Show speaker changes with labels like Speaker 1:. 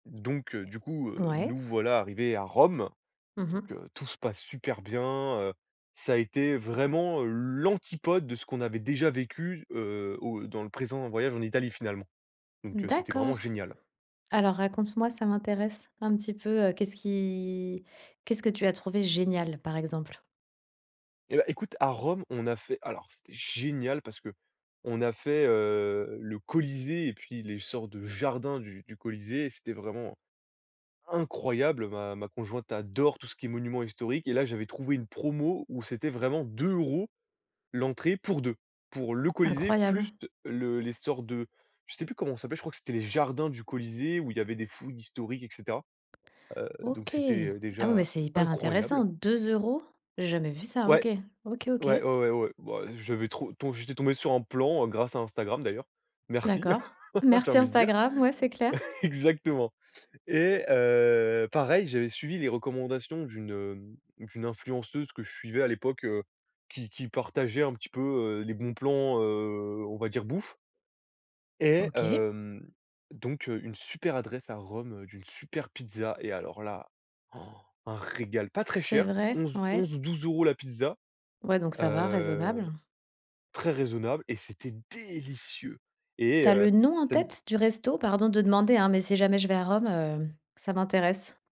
Speaker 1: Donc, heu, du coup, heu,
Speaker 2: Ouais?
Speaker 1: nous voilà arrivés à Rome!
Speaker 2: Mmh
Speaker 1: Donc,
Speaker 2: mh.
Speaker 1: heu, tout se passe super bien, heu. Ça a été, vraiment, l'antipode de ce qu'on avait déjà vécu, heu, au dans le présent voyage en Italie, finalement. Donc, heu, c'était vraiment
Speaker 2: D'accord!
Speaker 1: génial!
Speaker 2: Alors raconte-moi! Ca m'intéresse un petit peu. Heu, qu'est-ce qui qu'est-ce que tu as trouvé génial, par exemple?
Speaker 1: Et bah, écoute! A Rome, on a fait alors, c'était génial parce qu'on a fait, heu, le Colisée et puis les sortes de jardins du du Colisée. C'était vraiment incroyable! Ma ma conjointe adore tout ce qui est monuments historiques. Et là, j'avais trouvé une promo, où c'était vraiment 2€ l'entrée pour 2 Pour le Colisée, plus
Speaker 2: Incroyable.
Speaker 1: de le les sorts de je sais plus comment ça s'appelle! Je crois que c'était les jardins du Colisée, où il y avait des fouilles historiques, et cetera. Heu, donc,
Speaker 2: OK!
Speaker 1: c'était, heu,
Speaker 2: Ah, oui! Beh,
Speaker 1: déjà,
Speaker 2: c'est hyper intéressant.
Speaker 1: incroyable!
Speaker 2: 2€? J'ai jamais vu ça!
Speaker 1: Ouais!
Speaker 2: OK! OK, OK.
Speaker 1: Ouais ouais ouais ouais. Bah, j'avais trop ton j'étais tombé sur un plan, heu, grâce, à Instagram d'ailleurs. «Merci!»
Speaker 2: D'accord.
Speaker 1: J'ai
Speaker 2: «Merci
Speaker 1: envie de dire.
Speaker 2: Instagram!» Ouais, c'est clair!
Speaker 1: Exactement! Et, heu, pareil! J'avais suivi les recommandations d'une, hem, d'une influenceuse que je suivais à l'époque, heu, qui qui partageait un petit peu, heu, les bons plans, heu, on va dire bouffe et,
Speaker 2: OK!
Speaker 1: hem. Donc, heu, une super adresse à Rome, heu, d'une super pizza. Et alors là!! Un régal. Pas très
Speaker 2: C'est
Speaker 1: cher!
Speaker 2: vrai?
Speaker 1: 11,
Speaker 2: Ouais?
Speaker 1: 11 ou 12€ la pizza!
Speaker 2: Ouais! Donc, ça va!
Speaker 1: Heu.
Speaker 2: Raisonnable.
Speaker 1: Très raisonnable et c'était délicieux. Et
Speaker 2: Tu as
Speaker 1: heu,
Speaker 2: le nom en
Speaker 1: ça n z
Speaker 2: tête, du resto? Pardon de demander, hein! Mais si jamais je vais à Rome, heu, ça m'intéresse!